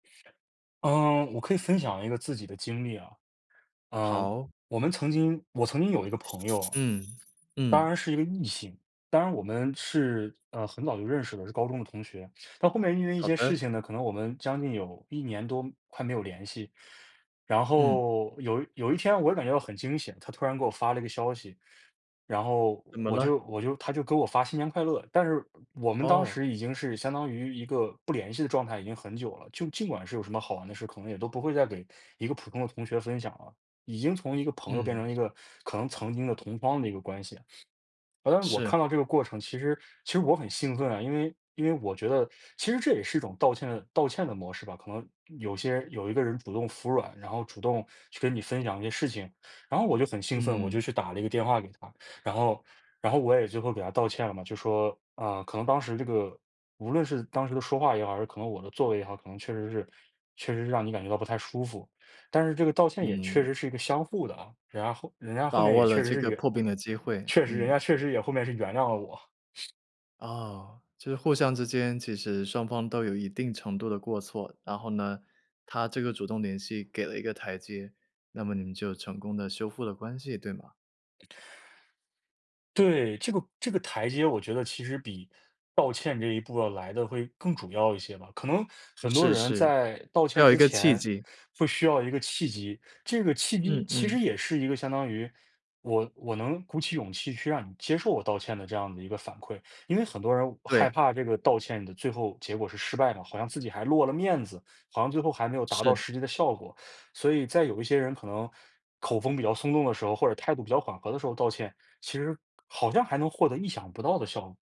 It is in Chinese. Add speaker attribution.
Speaker 1: 嗯，我可以分享一个自己的经历啊，呃，
Speaker 2: 好。
Speaker 1: 我们曾经我曾经有一个朋友。
Speaker 2: 嗯，
Speaker 1: 当
Speaker 2: 嗯。
Speaker 1: 然是一个异性，当然我们是，呃，很早就认识的，是高中的同学，到后面因为一
Speaker 2: 好
Speaker 1: 些事
Speaker 2: 的。
Speaker 1: 情呢，可能我们将近有1年多快没有联系，然
Speaker 2: 嗯。
Speaker 1: 后有有一天我感觉到很惊险，她突然给我发了一个消息。然后
Speaker 2: 怎么
Speaker 1: 我就
Speaker 2: 了？
Speaker 1: 我就她就给我发新年快乐，但是我们当
Speaker 2: 哦。
Speaker 1: 时已经是相当于一个不联系的状态已经很久了，就尽管是有什么好玩的事，可能也都不会再给一个普通的同学分享了，已经从一个朋友变成
Speaker 2: 嗯。
Speaker 1: 一个可能曾经的同窗的一个关系。呃，我
Speaker 2: 是。
Speaker 1: 看到这个过程，其实其实我很兴奋啊，因为因为我觉得其实这也是一种道歉道歉的模式吧，可能有些有一个人主动服软，然后主动去跟你分享一些事情，然后我就很兴奋，我就
Speaker 2: 嗯。
Speaker 1: 去打了一个电话给她，然后然后我也最后给她道歉了嘛，就说，啊，可能当时这个无论是当时的说话也好，还是可能我的座位也好，可能确实是确实让你感觉到不太舒服，但是这个道歉也确
Speaker 2: 嗯。
Speaker 1: 实是一个相互的啊，人家后人家后
Speaker 2: 把
Speaker 1: 面
Speaker 2: 握
Speaker 1: 也
Speaker 2: 了
Speaker 1: 确实
Speaker 2: 这
Speaker 1: 是
Speaker 2: 个
Speaker 1: 原
Speaker 2: 破冰的机会，
Speaker 1: 确实人
Speaker 2: 嗯。
Speaker 1: 家确实也后面是原谅了我。
Speaker 2: 哦，就是互相之间其实双方都有一定程度的过错，然后呢，她这个主动联系给了一个台阶，那么你们就成功地修复了关系对吗？
Speaker 1: 对，这个这个台阶我觉得其实比道歉这一步要来的会更主要一些吧，可能很多
Speaker 2: 是
Speaker 1: 人
Speaker 2: 是，
Speaker 1: 在道
Speaker 2: 需
Speaker 1: 歉
Speaker 2: 要一
Speaker 1: 之
Speaker 2: 个契
Speaker 1: 前
Speaker 2: 机。
Speaker 1: 会需要一个契机，这个契机
Speaker 2: 嗯
Speaker 1: 其实
Speaker 2: 嗯。
Speaker 1: 也是一个相当于我我能鼓起勇气去让你接受我道歉的这样的一个反馈。因为很多人害
Speaker 2: 对。
Speaker 1: 怕这个道歉的最后结果是失败的，好像自己还落了面子，好像最后还没有达到
Speaker 2: 是。
Speaker 1: 实际的效果，所以在有一些人可能口风比较松动的时候，或者态度比较缓和的时候道歉，其实好像还能获得意想不到的效果。